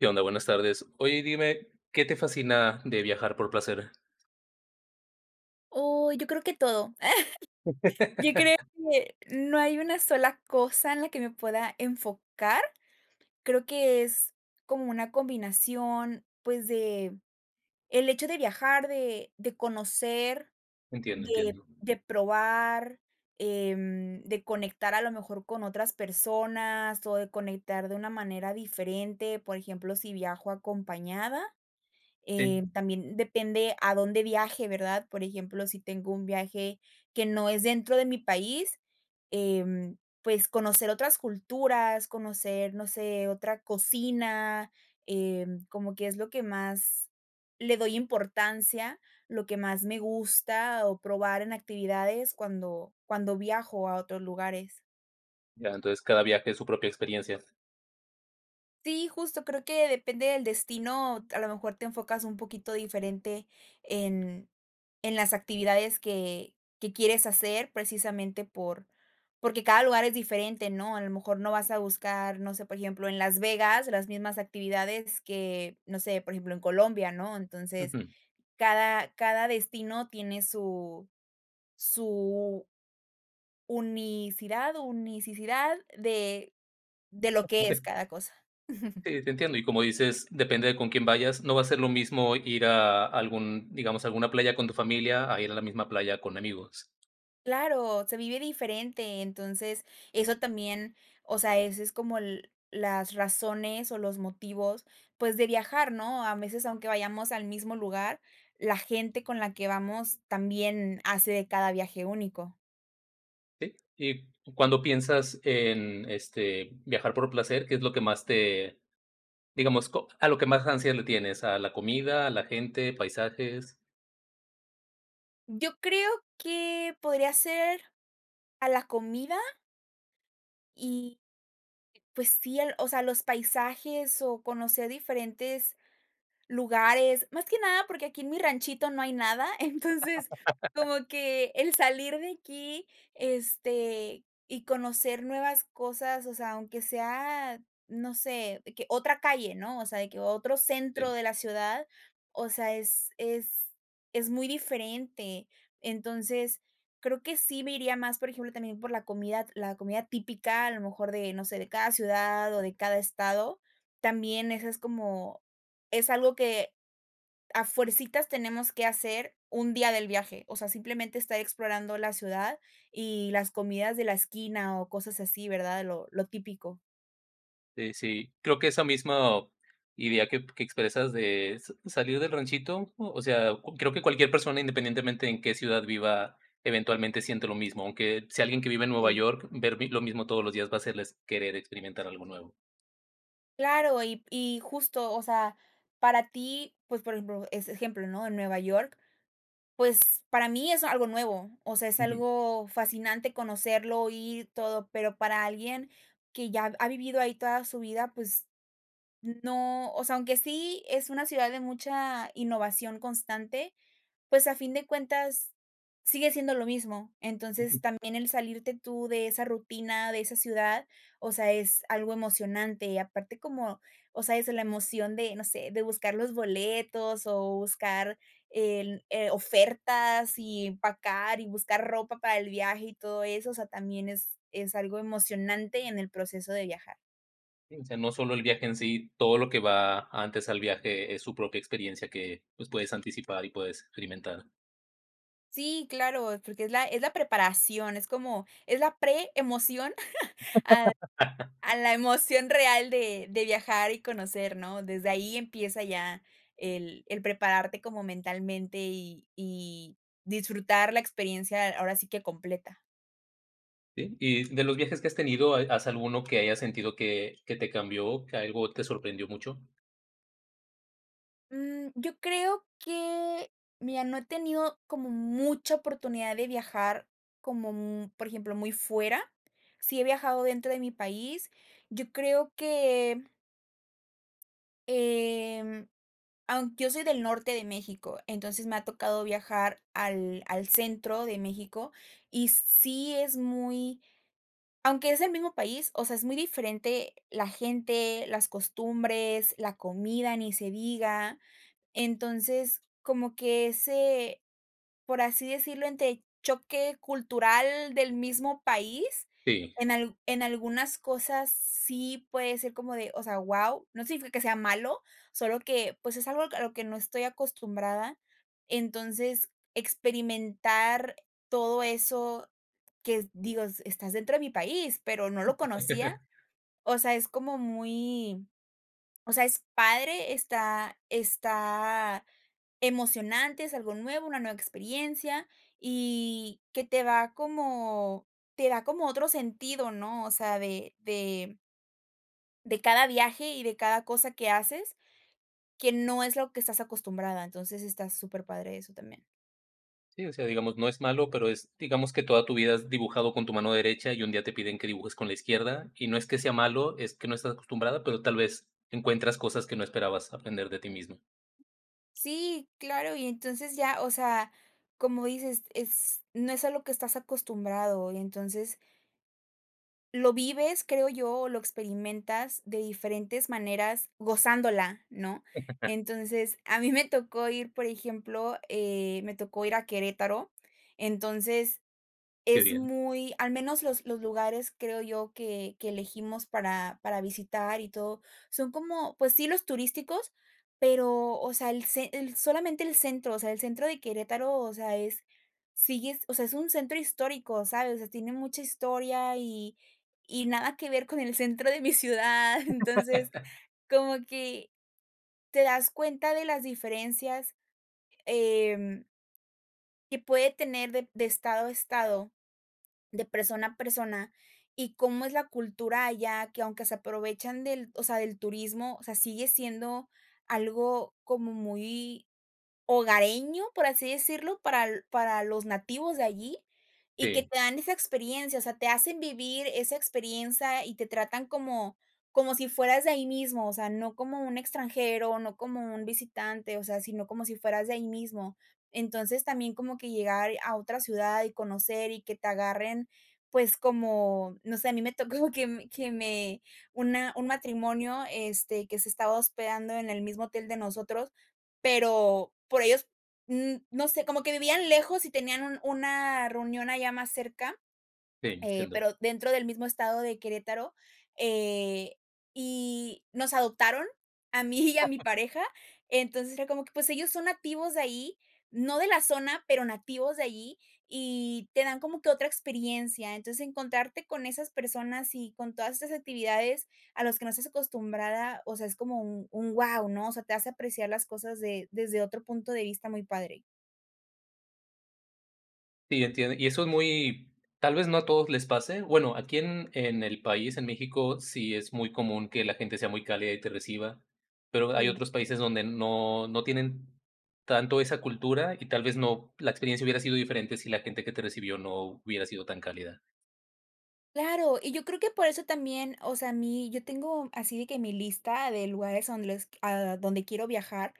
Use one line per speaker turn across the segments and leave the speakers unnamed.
¿Qué onda? Buenas tardes, oye, dime, ¿qué te fascina de viajar por placer?
Oh, yo creo que todo. Yo creo que no hay una sola cosa en la que me pueda enfocar, creo que es como una combinación, pues, del hecho de viajar, de de conocer,
Entiendo,
de
entiendo.
de probar, em, de conectar a lo mejor con otras personas, o de conectar de una manera diferente. Por ejemplo, si viajo acompañada, eh,
Sí.
también depende a dónde viaje, ¿verdad? Por ejemplo, si tengo un viaje que no es dentro de mi país, em, pues, conocer otras culturas, conocer, no sé, otra cocina, em, como que es lo que más le doy importancia, lo que más me gusta, o probar en actividades cuando cuando viajo a otros lugares.
Ya, entonces cada viaje es su propia experiencia.
Sí, justo creo que depende del destino, a lo mejor te enfocas un poquito diferente en en las actividades que que quieres hacer, precisamente por porque cada lugar es diferente, ¿no? A lo mejor no vas a buscar, no sé, por ejemplo, en Las Vegas las mismas actividades que, no sé, por ejemplo, en Colombia, ¿no? Entonces,
Ujú.
cada cada destino tiene su su unicidad unicidad de de lo que es
[unintelligible]
cada cosa.
Sí, te entiendo, y como dices, depende de con quién vayas, no va a ser lo mismo ir a algún, digamos, a alguna playa con tu familia, a ir a la misma playa con amigos.
Claro, se vive diferente, entonces eso también, o sea, ese es como el las razones o los motivos, pues, de viajar, ¿no? A veces, aunque vayamos al mismo lugar, la gente con la que vamos, también hace de cada viaje único.
Sí, y cuando piensas en este, viajar por placer, ¿qué es lo que más te digamos co a lo que más ansia le tienes, a la comida, a la gente, paisajes?
Yo creo que podría ser, a la comida y, pues sí, al o sea, los paisajes o conocer diferentes lugares. Más que nada, porque aquí en mi ranchito no hay nada. Entonces, como que el salir de aquí, este, y conocer nuevas cosas, o sea, aunque sea, no sé, que otra calle, ¿no?, o sea, de que otro centro
Sí.
de la ciudad, o sea, es es es muy diferente. Entonces, creo que sí me iría más, por ejemplo, también por la comida la comida típica, a lo mejor de no sé, de cada ciudad, o de cada estado. También eso es como es algo que a fuercitas tenemos que hacer un día del viaje. O sea, simplemente, estar explorando la ciudad y las comidas de la esquina, o cosas así, ¿verdad?, lo lo típico.
Eh, sí, creo que esa mismo idea que que expresas de sa salir del ranchito, o o sea, co creo que cualquier persona, independientemente en qué ciudad viva, eventualmente siente lo mismo. Aunque si alguien que vive en Nueva
Sí.
York, ver mi lo mismo todos los días va a hacerles querer experimentar algo nuevo.
Claro, y y justo, o sea, para ti, pues, por ejemplo, ese ejemplo, ¿no?, Nueva York, pues, para mí es algo nuevo, o sea, es
Ujú.
algo fascinante conocerlo, ir, todo, pero para alguien que ya ha vivido ahí toda su vida, pues, no, o sea, aunque sí es una ciudad de mucha innovación constante, pues, a fin de cuentas, sigue siendo lo mismo. Entonces,
Ujú.
también el salirte tú de esa rutina, de esa ciudad, o sea, es algo emocionante. Y aparte, como, o sea, es la emoción de, no sé, de buscar los boletos o buscar en eh, ofertas y empacar, y buscar ropa para el viaje y todo eso, o sea, también es es algo emocionante en el proceso de viajar.
Sí, no solo el viaje en sí, todo lo que va antes al viaje es su propia experiencia que, pues, puedes anticipar y puedes experimentar.
Sí, claro, porque es la es la preparación, es como, es la pre-emoción, a a la emoción real de de viajar y conocer, ¿no?, desde ahí empieza ya, el el prepararte como mentalmente y y disfrutar la experiencia, ahora sí que completa.
Sí. Y de los viajes que has tenido, ¿hay has alguno que haya sentido que que te cambió, que algo te sorprendió mucho?
Mm, yo creo que, mira, no he tenido como mucha oportunidad de viajar, como mm, por ejemplo, muy fuera. Sí he viajado dentro de mi país. Yo creo que em, aunque yo soy del norte de México, entonces, me ha tocado viajar al al centro de México, y sí es muy aunque es el mismo país, o sea, es muy diferente la gente, las costumbres, la comida ni se diga. Entonces, como que ese por así decirlo, entre choque cultural del mismo país.
Sí.
En al en algunas cosas sí puede ser como de o sea, ¡guau!, no significa que sea malo, solo que, pues, es algo a lo que no estoy acostumbrada. Entonces, experimentar todo eso que, digo: "Estás dentro de mi país, pero no lo conocía", o sea, es como muy o sea, es padre, está está emocionante, es algo nuevo, una nueva experiencia, y que te va como te da como otro sentido, ¿no?, o sea, de de de de cada viaje, y de cada cosa que haces, que no es lo que estás acostumbrada. Entonces, está superpadre eso también.
Sí, o sea, digamos, no es malo, pero es, digamos, que toda tu vida has dibujado con tu mano derecha y un día te piden que dibujes con la izquierda, y no es que sea malo, es que no estás acostumbrada, pero tal vez encuentras cosas que no esperabas aprender de ti misma.
Si claro, y entonces ya o sea, como dices, es no es a lo que estás acostumbrado, y entonces lo vives, creo yo, o lo experimentas de diferentes maneras gozándola, ¿no?, entonces, a mí me tocó ir, por ejemplo, eh, me tocó ir a Querétaro. Entonces,
Qué
es
bien.
muy al menos los los lugares, creo yo, que que elegimos para para visitar y todo, son como pues sí, los turísticos, pero, o sea, el cen el solamente el centro, o sea, el centro de Querétaro, o sea, es sigues o sea, es un centro histórico, ¿sabes?, o sea, tiene mucha historia, y y nada que ver con el centro de mi ciudad. Entonces, como que te das cuenta de las diferencias, em que puede tener de de estado a estado, de persona a persona, y cómo es la cultura allá, que, aunque se aprovechan del o sea, del turismo, o sea, sigue siendo algo como muy hogareño, por así decirlo, para para los nativos de allí, y que
Sí.
te dan esa experiencia. O sea, te hacen vivir esa experiencia y te tratan como como si fueras de ahí mismo, o sea, no como un extranjero, no como un visitante, o sea, sino como si fueras de ahí mismo. Entonces, también como que llegar a otra ciudad y conocer, y que te agarren, pues, como, no sé, a mi me tocó que me que me una un matrimonio, este, que se estaba hospedando en el mismo hotel de nosotros. Pero, por ellos, mm, no sé, como que vivían lejos y tenían un una reunión allá más cerca,
Sí,
eh,
entiendo.
pero dentro del mismo estado de Querétaro. Eh, y nos adoptaron, a mí y a mi pareja. Entonces, era como que, pues, ellos son nativos de ahí, no de la zona, pero nativos de allí, y te dan como que otra experiencia. Entonces, encontrarte con esas personas y con todas estas actividades a los que no estás acostumbrada, o sea, es como un un ¡guau!, ¿no?, o sea, te hace apreciar las cosas de desde otro punto de vista, muy padre.
Sí, entiendo, y eso es muy tal vez, no a todos les pase. Bueno, aquí en en el país, en México, sí es muy común que la gente sea muy cálida y te reciba, pero, hay
Sí.
otros países donde no no tienen tanto esa cultura, y tal vez no, la experiencia hubiera sido diferente, si la gente que te recibió no hubiera sido tan cálida.
Claro, y yo creo que por eso también, o sea, a mí, yo tengo así de que mi lista de lugares a donde les a donde quiero viajar,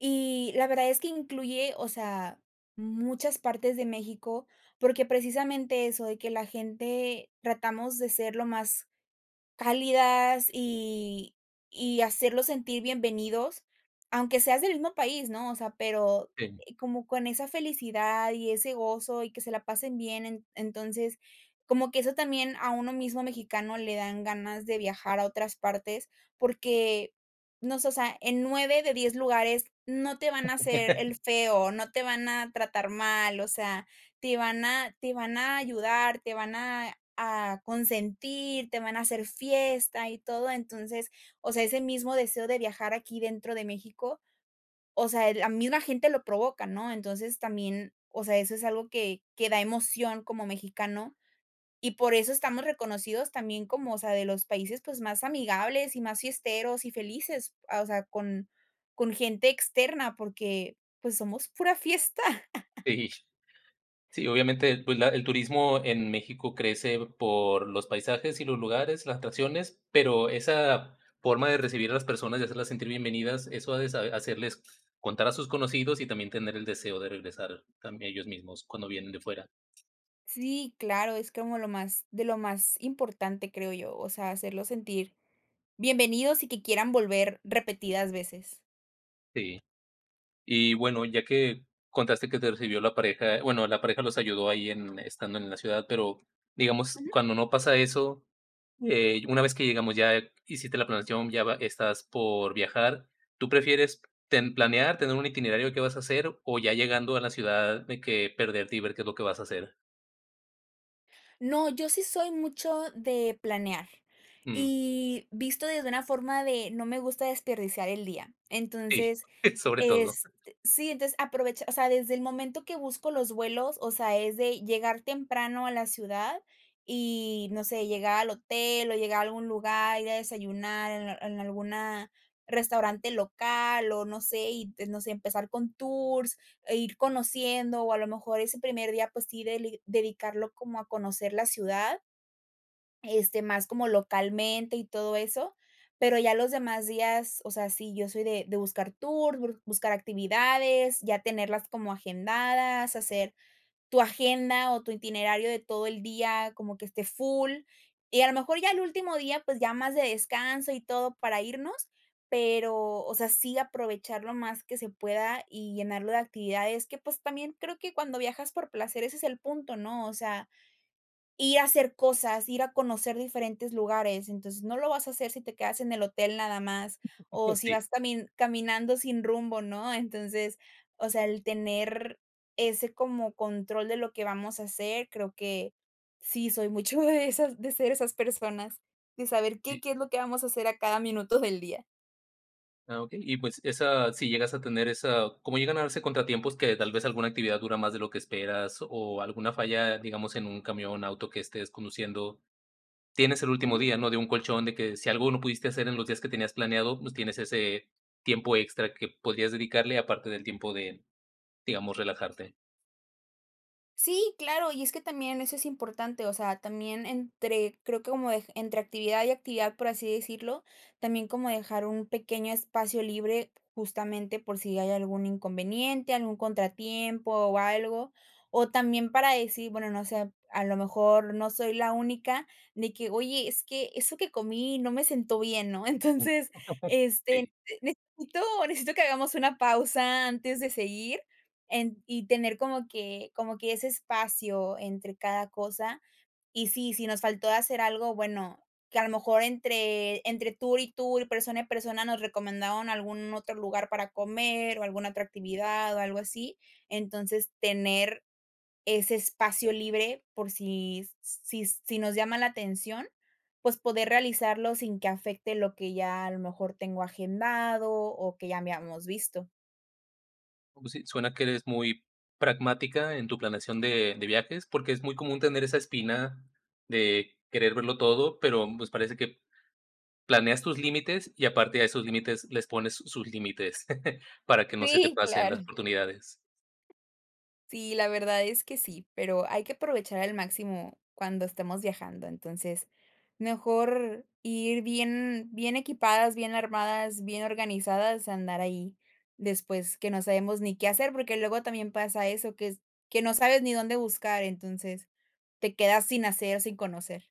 y la verdad es que incluye, o sea, muchas partes de México, porque, precisamente eso, de que la gente tratamos de ser lo más cálidas y y hacerlos sentir bienvenidos, aunque seas del mismo país, ¿no? O sea, pero,
Sí.
eh, como con esa felicidad y ese gozo, y que se la pasen bien. En entonces, como que eso también, a uno mismo mexicano le dan ganas de viajar a otras partes, porque, no sé, o sea, en 9 de 10 lugares no te van a hacer el feo, no te van a tratar mal, o sea, te van a te van a ayudar, te van a a consentir, te van a hacer fiesta, y todo. Entonces, o sea, ese mismo deseo de viajar aquí dentro de México, o sea, la misma gente lo provoca, ¿no? Entonces, también, o sea, eso es algo que que da emoción como mexicano, y por eso estamos reconocidos también como, o sea, de los países, pues, más amigables, y más fiesteros y felices, ah, o sea, con con gente externa, porque, pues, somos pura fiesta.
Sí, sí, obviamente, pues, la el turismo en México crece por los paisajes y los lugares, las tradiciones, pero, esa forma de recibir a las personas y hacerlas sentir bienvenidas, eso ha de sa hacerles contar a sus conocidos y también tener el deseo de regresar también, ellos mismos cuando vienen de fuera.
Sí, claro, es como lo más de lo más importante, creo yo, o sea, hacerlos sentir bienvenidos y que quieran volver repetidas veces.
Sí. Y bueno, ya que contaste que te recibió la pareja, bueno, la pareja los ayudó ahí en estando en la ciudad, pero, digamos,
Ujú.
cuando no pasa eso, eh, una vez que llegamos ya, hiciste la planeación, ya va estás por viajar, ¿tú prefieres ten planear, tener un itinerario que vas a hacer, o, ya llegando a la ciudad, de que perderte y ver qué es lo que vas a hacer?
No, yo sí soy mucho de planear.
Mm.
Y visto desde una forma de, no me gusta desperdiciar el día.
Sí,
Entonces,
sobre todo.
este Sí, entonces, aprovecha, o sea, desde el momento que busco los vuelos, o sea, es de llegar temprano a la ciudad, y, no sé, llegar al hotel, o llegar a algún lugar, ir a desayunar en en alguna, restaurante local, o, no sé, y, pues, no sé, empezar con tours e ir conociendo. O, a lo mejor, ese primer día, pues, sí, deli dedicarlo como a conocer la ciudad este, más como localmente y todo eso. Pero, ya los demás días, o sea, sí, yo soy de de buscar tour, bur buscar actividades, ya tenerlas como agendadas, hacer tu agenda o tu itinerario de todo el día como que esté full. Y a lo mejor ya el último día, pues, ya más de descanso y todo para irnos, pero, o sea, sí aprovechar lo más que se pueda, y llenarlo de actividades que, pues, también creo que cuando viajas por placer, ese es el punto, ¿no? O sea, ir a hacer cosas, ir a conocer diferentes lugares. Entonces, no lo vas a hacer si te quedas en el hotel nada más, o si
Sí.
vas también caminando sin rumbo, ¿no? Entonces, o sea, el tener ese como control de lo que vamos a hacer, creo que, sí, soy mucho de esas, de ser esas personas, de saber qué
Sí.
qué es lo que vamos a hacer a cada minuto del día.
Ah, okey, y, pues, esa, si llegas a tener esa, como llegan a darse contratiempos, que tal vez, alguna actividad dura más de lo que esperas, o, alguna falla, digamos, en un camión, auto que estés conduciendo. Tienes el último
Ujú.
día, ¿no? De un colchón de que si algo no pudiste hacer en los días que tenías planeado, pues tienes ese tiempo extra que podrías dedicarle aparte del tiempo de, digamos, relajarte.
Sí, claro, y es que también eso es importante, o sea, también entre, creo que como entre actividad y actividad, por así decirlo, también, como dejar un pequeño espacio libre, justamente, por si hay algún inconveniente, algún contratiempo o algo. O también para decir, bueno, no sé, a lo mejor no soy la única de que: "Oye, es que eso que comí no me siento bien", ¿no? Entonces, este,
Sí.
necesito, necesito que hagamos una pausa antes de seguir, en y, tener como que como que ese espacio entre cada cosa. Y sí, si nos faltó hacer algo, bueno, que a lo mejor entre entre tour y tour, persona y persona, nos recomendaron algún otro lugar para comer, o alguna otra actividad, o algo así. Entonces, tener ese espacio libre por si si si nos llama la atención, pues, poder realizarlo sin que afecte lo que ya a lo mejor tengo agendado, o que ya habíamos visto.
Como si suena que eres muy pragmática en tu planeación de de viajes, porque, es muy común tener esa espina de querer verlo todo, pero pues, parece que planeas tus límites, y aparte a esos límites, les pones sus límites para que no se te
Sí,
pasen
claro.
las oportunidades.
Sí, la verdad es que sí, pero, hay que aprovechar al máximo cuando estemos viajando. Entonces, mejor ir bien bien equipadas, bien armadas, bien organizadas, a andar ahí después que no sabemos ni qué hacer, porque, luego también pasa eso, que es que no sabes ni dónde buscar, entonces, te quedas sin hacer, o sin conocer.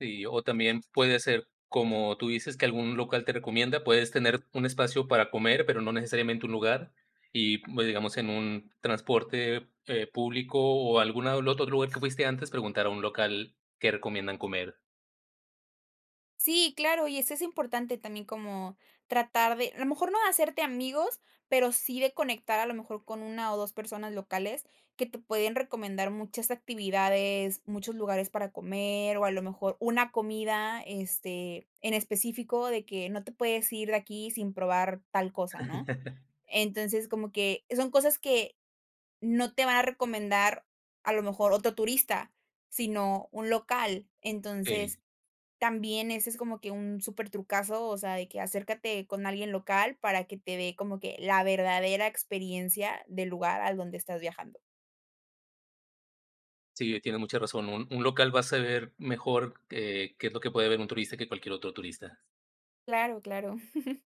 Sí, o también puede ser, como tú dices que algún local te recomienda. Puedes tener un espacio para comer, pero, no necesariamente un lugar, y pues, digamos en un transporte, eh, público, o alguna del otro lugar que fuiste antes, preguntar a un local qué recomiendan comer.
Sí, claro, y eso es importante también como tratar de a lo mejor, no de hacerte amigos, pero, sí de conectar, a lo mejor, con 1 o 2 personas locales, que te pueden recomendar muchas actividades, muchos lugares para comer, o a lo mejor una comida, este, en específico de que, no te puedes ir de aquí sin probar tal cosa, ¿no? Entonces, como que, son cosas que no te va a recomendar, a lo mejor, otro turista, sino un local.
Sí.
Entonces, también ese es como que un súper trucazo, o sea, de que acércate con alguien local para que te dé como que la verdadera experiencia del lugar al donde estás viajando.
Sí, tienes mucha razón, un un local va a saber mejor, eh, qué es lo que puede ver un turista, que cualquier otro turista.
Claro, claro.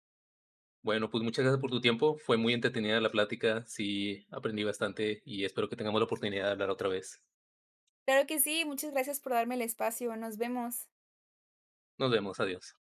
Bueno, pues, muchas gracias por tu tiempo, fue muy entretenida la plática, sí, aprendí bastante, y espero que tengamos la oportunidad de hablar otra vez.
Claro que sí, muchas gracias por darme el espacio, nos vemos.
Nos vemos, adiós.